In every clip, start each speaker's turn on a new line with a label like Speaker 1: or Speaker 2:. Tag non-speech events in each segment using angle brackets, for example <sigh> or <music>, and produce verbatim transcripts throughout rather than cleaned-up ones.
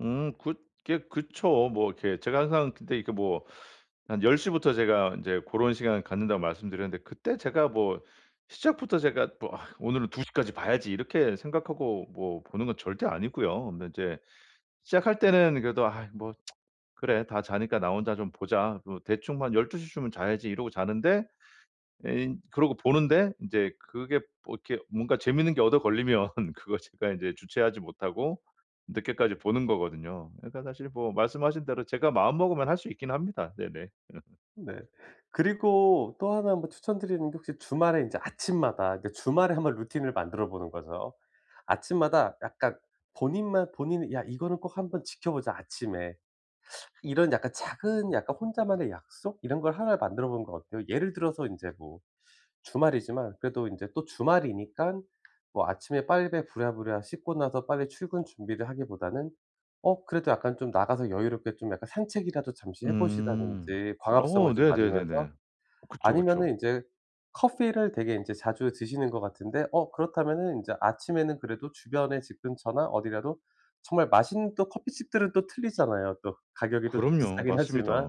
Speaker 1: 음 그게 그쵸. 뭐 이렇게 제가 항상 근데 이렇게 뭐 <sucks teeth> 한 열 시부터 제가 인제 고런 시간 갖는다고 말씀드렸는데 그때 제가 뭐 시작부터 제가 뭐 '아 오늘은 두 시 까지 봐야지.' 이렇게 생각하고 뭐 보는 건 절대 아니고요. 근데 이제 시작할 때는 그래도 '아 뭐 <tsk> 그래 다 자니까 나 혼자 좀 보자. 뭐 대충 뭐 한 열두 시 쯤은 자야지.' 이러고 자는데, 예 인 그러고 보는데 인제 그게 뭐 이렇게 뭔가 재미있는 게 얻어 걸리면 그거 제가 인제 주체하지 못하고 늦게까지 보는 거거든요. 그러니까 사실 뭐 말씀하신 대로 제가 마음 먹으면 할 수 있긴 합니다. 네네. <laughs>
Speaker 2: 네. 그리고 또 하나 뭐 추천드리는데, 혹시 주말에 인제 아침마다 이렇게 주말에 한번 루틴을 만들어 보는 거죠. 아침마다 약간 본인만 본인이 '야, 이거는 꼭 한번 지켜보자, 아침에.' <sucks teeth> 이런 약간 작은 약간 혼자만의 약속? 이런 걸 하나 만들어 보는 거 어때요? 예를 들어서 인제 뭐 주말이지만 그래도 인제 또 주말이니깐 뭐 아침에 빨배 부랴부랴 씻고 나서 빨리 출근 준비를 하기보다는 어, 그래도 약간 좀 나가서 여유롭게 좀 약간 산책이라도 잠시 해
Speaker 1: 음.
Speaker 2: 보신다든지,
Speaker 1: 어,
Speaker 2: 광합성을 좀 맞으면서.
Speaker 1: 네네네네. 그쵸,
Speaker 2: 아니면은
Speaker 1: 그쵸.
Speaker 2: 인제 커피 를 되게 인제 자주 드시는 것 같은데 어, 그렇다면은 이제 아침에는 그래도 주변에 집 근처나 어디라도 정말 맛있는 또 커피집들은 또 틀리잖아요. 또 가격이 또
Speaker 1: 그럼요.
Speaker 2: 비싸긴
Speaker 1: 맞습니다.
Speaker 2: 하지만.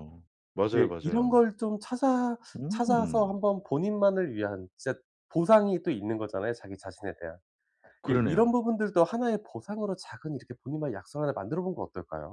Speaker 1: 맞아요,
Speaker 2: 예, 이런
Speaker 1: 맞아요.
Speaker 2: 걸 좀 찾아 찾아서
Speaker 1: 음.
Speaker 2: 한번 본인만을 위한 진짜 보상이 또 있는 거잖아요, 자기 자신에 대한. 예. 이런
Speaker 1: 그러네요.
Speaker 2: 부분들도 하나의 보상으로 작은 이렇게 본인만의 약속을 하나 만들어 보는 건 어떨까요?